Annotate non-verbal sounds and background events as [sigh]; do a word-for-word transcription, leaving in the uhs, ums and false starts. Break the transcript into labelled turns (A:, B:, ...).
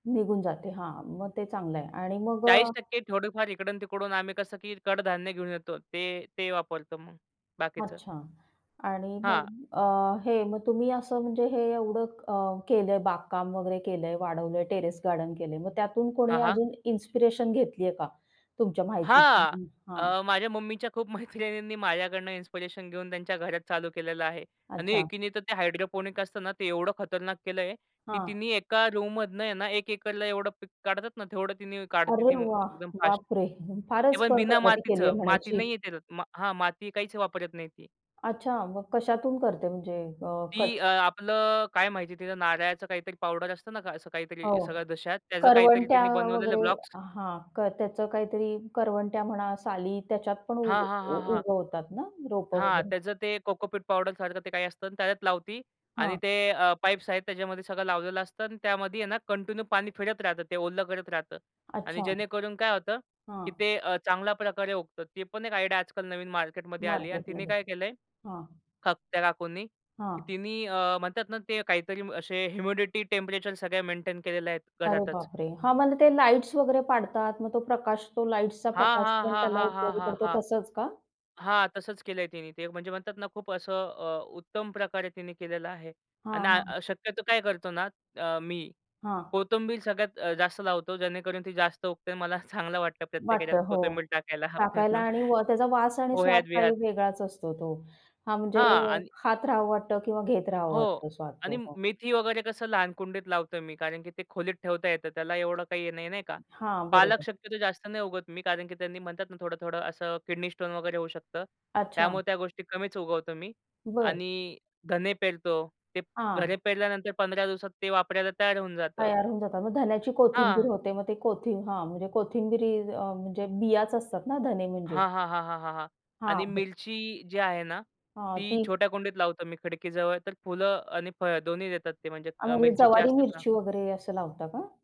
A: निघून जाते. हां. मग ते चांगलं आहे आणि मग
B: चाळीस
A: अ
B: टक्के थोडीफार इकडून-तिकडून आम्ही कसं की कडधान्य घेऊन येतो. ते ते वापरतो मग बाकीचं.
A: अच्छा आणि मग
B: हां.
A: अ, हे मग तुम्ही असं म्हणजे हे एवढं अ, केलंय, बागकाम वगैरे केलंय, वाढवलंय, टेरेस गार्डन केलंय. मग त्यातून
B: हां,
A: कोणी
B: हां.
A: अजून इन्स्पिरेशन घेतली आहे का तुमच्या माहितीतून?
B: हां,
A: हं, हां.
B: अ, माझ्या मम्मीच्या खूप मैत्रिणींनी माझ्याकडनं इन्स्पिरेशन घेऊन त्यांच्या घरात चालू केलेलं आहे आणि
A: अच्छा.
B: एकीने तर ते हायड्रोपोनिक असत ना, ते एवढं खतरनाक केलंय, की
A: हां.
B: तिनी एका रूममधनं ना, एक एकरला एवढं पीक काढतात ना, तेवढं तिनी काढते ती,
A: अरे वाह!
B: एकदम फास्ट.
A: बापरे!
B: ते
A: फारच
B: पण
A: पण
B: बिना
A: प्रगती केली
B: मातीचं.
A: आहे
B: माती
A: म्हणायची.
B: नाहीये त्याच्यात हां. माती काहीच वापरत नाही ती.
A: अच्छा. मग कशातून करते म्हणजे अ,
B: ती
A: खत?
B: अ, आपलं काय माहिती तिच्या नारळाचं काहीतरी पावडर असतं ना, क असं काहीतरी
A: हो.
B: सगळ्या दशात त्याचं काहीतरी
A: करवंट्या
B: तिने बनवलेलं
A: वगैरे
B: ब्लॉक्स.
A: हां, क त्याचं काहीतरी करवंट्या म्हणा, साली त्याच्यात पण उ
B: हां, हां, हां, हां.
A: उगवतातना रोपं
B: हां,
A: वगैरे.
B: त्याचं ते कोकोपीट पावडरसारखं ते काही असतं आणि त्याच्यात लावती आणि
A: हां.
B: ते अ, पाईप्स आहेत त्याच्यामध्ये सगळं लावलेलं असतं अन् त्यामध्ये आहे ना, कंटिन्यू पाणी फिरत राहतं, ते ओलं करत राहतं आणि
A: अच्छा.
B: जेणेकरून काय होतं, की
A: हां.
B: ते अ, चांगल्या प्रकारे उगतं. ती पण एक आयडिया आजकाल नवीन मार्केटमध्ये आली आहे अन् तिने
A: मार्केटमध्ये,
B: काय केलंय,
A: हां.
B: थ त्या काकूंनी.
A: हां.
B: तिनी अ, म्हणतात ना, ते काहीतरी असे ह्युमिडिटी, टेम्परेचर सगळ्या मेंटेन केलेले आहेत
A: अरे
B: घरातच.
A: बापरे! हां. मला ते लाईट्स वगैरे पाडतात, मग तो प्रकाश, तो लाईट्सचा
B: हां,
A: प्रकाश
B: हां,
A: पण
B: हां,
A: त्याला
B: हां, हां,
A: उपयोगी
B: हां,
A: पडतो
B: हां,
A: तसच का?
B: हां. तसंच केलंय तिने ते, म्हणजे म्हणतात ना, खूप असं अ, उत्तम प्रकारे तिने केलेलं आहे आणि
A: हां, हां.
B: अ, शक्यतो काय करतो ना, अ, मी
A: हां.
B: कोथिंबीर सगळ्यात अ, जास्त लावतो, जेणेकरून ती जास्त उगते. मला चांगलं वाटतं प्रत्येक याच्यात
A: वाटतं, हो.
B: कोथिंबीर टाकायला
A: टाकायला आणि व त्याचा
B: [chuckles]
A: वास आणि स्वाद काही
B: पोह्यात-बिह्यात.
A: वेगळाच असतो तो. हां, म्हणजे
B: हां, आणि
A: खात राहावं वाटतं किंवा घेत राहावं
B: हो
A: वाटतो स्वाद
B: आणि
A: तो.
B: मेथी वगैरे कसं लहान कुंडीत लावतो मी कारण की ते खोलीत ठेवता येतं. त्याला एवढं काही नाही, नाही का.
A: हां,
B: पालक
A: बरोबर.
B: शक्यतो जास्त नाही उगवत मी कारण की त्यांनी म्हणतात ना, थोडं-थोडं असं किडनी स्टोन वगैरे होऊ शकतं.
A: अच्छा.
B: त्यामुळे त्या गोष्टी कमीच उगवतो मी
A: बरं.
B: आणि धने पेरतो. ते
A: हां.
B: धने पेरल्यानंतर पंधरा दिवसात ते वापरायला तयार होऊन जातं.
A: तयार होऊन जातात, मग धन्याची कोथिंबीर
B: हां.
A: होते, मग ते कोथिं हां, म्हणजे कोथिंबीर अ, म्हणजे बियाच असतात ना, धने म्हणजे.
B: हां, हां, हां, हां, हां, हां
A: हां.
B: आणि
A: [unintelligible]
B: मिरची जी आहे ना,
A: हां,
B: ती
A: ती
B: छोट्या कुंडीत लावतो मी खिडकीजवळ, तर फुलं आणि फळं दोन्ही देतात ते म्हणजे
A: आणि
B: मिरचीचे
A: ज्वारी,
B: असतात ना.
A: मिरची वगैरे असं लावता का?